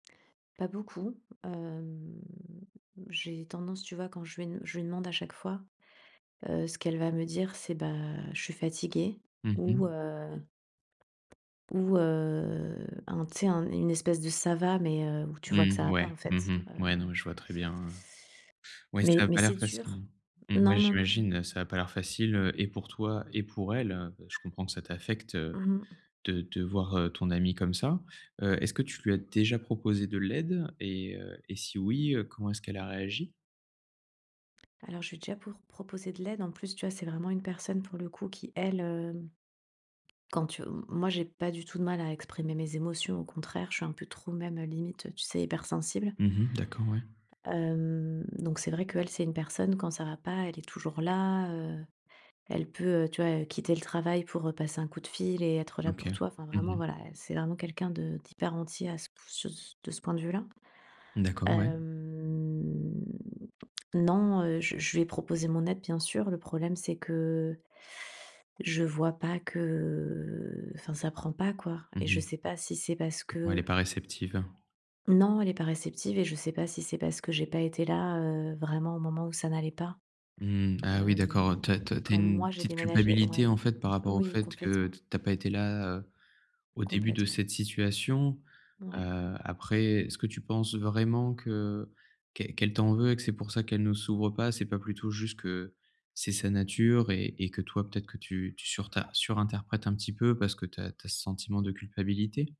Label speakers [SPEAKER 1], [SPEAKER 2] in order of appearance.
[SPEAKER 1] Pas beaucoup, hem, j'ai tendance, tu vois, quand je vais je lui demande à chaque fois, heu, ce qu'elle va me dire, c'est ben: «Je suis fatiguée»
[SPEAKER 2] Mmh
[SPEAKER 1] ou,
[SPEAKER 2] mh.
[SPEAKER 1] heu ou, heu, un tu sais, un une espèce de «ça va», mais heu, où tu vois que ça
[SPEAKER 2] Mmh,
[SPEAKER 1] va pas,
[SPEAKER 2] ouais.
[SPEAKER 1] en
[SPEAKER 2] Mmh
[SPEAKER 1] fait,
[SPEAKER 2] mh,
[SPEAKER 1] heu
[SPEAKER 2] ouais, non, mais je vois très bien, hein. Ouais,
[SPEAKER 1] mais
[SPEAKER 2] ça a
[SPEAKER 1] mais
[SPEAKER 2] pas
[SPEAKER 1] c'est
[SPEAKER 2] l'air
[SPEAKER 1] dur.
[SPEAKER 2] facile. Mmh,
[SPEAKER 1] Non,
[SPEAKER 2] ouais,
[SPEAKER 1] non, non, non.
[SPEAKER 2] j'imagine, ça a pas l'air facile, heu et pour toi et pour elle. Je comprends que ça t'affecte de
[SPEAKER 1] Mmh mh.
[SPEAKER 2] de voir, heu, ton amie comme ça, heu, est-ce que tu lui as déjà proposé de l'aide et heu et si oui, heu, comment est-ce qu'elle a réagi?
[SPEAKER 1] Alors je lui ai déjà pour proposer de l'aide. En plus, tu vois, c'est vraiment une personne pour le coup qui elle, hem, quand tu m moi, j'ai pas du tout de mal à exprimer mes émotions, au contraire, je suis un peu trop même, heu, limite, tu sais, hypersensible
[SPEAKER 2] Mmh mh, d'accord, ouais.
[SPEAKER 1] hem, donc c'est vrai qu'elle, c'est une personne quand ça va pas, elle est toujours là, heu, elle peut, heu, tu vois, heu, quitter le travail, pour, heu, passer un coup de fil et être
[SPEAKER 2] Mmh,
[SPEAKER 1] là pour
[SPEAKER 2] OK.
[SPEAKER 1] toi. Enfin, vraiment,
[SPEAKER 2] Mmh mh.
[SPEAKER 1] voilà, elle, c'est vraiment quelqu'un de d'hyper entier à ce p sur ce de ce point de vue-là.
[SPEAKER 2] Mmh, d'accord, ouais.
[SPEAKER 1] Hem, non, heu, je je lui ai proposé mon aide, bien sûr. Le problème, c'est que je vois pas que, heu, enfin ça prend pas, quoi.
[SPEAKER 2] Mmh
[SPEAKER 1] Et je
[SPEAKER 2] mh.
[SPEAKER 1] sais pas si c'est parce
[SPEAKER 2] Ouais, elle est
[SPEAKER 1] que
[SPEAKER 2] pas réceptive.
[SPEAKER 1] Non, elle est pas réceptive et je sais pas si c'est parce que j'ai pas été là, heu, vraiment au moment où ça n'allait pas.
[SPEAKER 2] Mmh, ah oui d'accord,
[SPEAKER 1] Hem,
[SPEAKER 2] heu, tu as tu as tu as
[SPEAKER 1] quand
[SPEAKER 2] une
[SPEAKER 1] moi j'ai
[SPEAKER 2] petite
[SPEAKER 1] déménagé
[SPEAKER 2] culpabilité,
[SPEAKER 1] ouais.
[SPEAKER 2] en fait, par rapport au
[SPEAKER 1] Oui,
[SPEAKER 2] fait que
[SPEAKER 1] complètement.
[SPEAKER 2] tu as pas été là, heu, au début de
[SPEAKER 1] Complètement.
[SPEAKER 2] cette situation,
[SPEAKER 1] Ouais.
[SPEAKER 2] heu, après, est ce que tu penses vraiment que qu'elle qu'elle t'en veut et que c'est pour ça qu'elle ne s'ouvre pas? C'est pas plutôt juste que c'est sa nature et et que toi peut-être que tu tu surtin surinterprètes un petit peu parce que tu as tu as ce sentiment de culpabilité?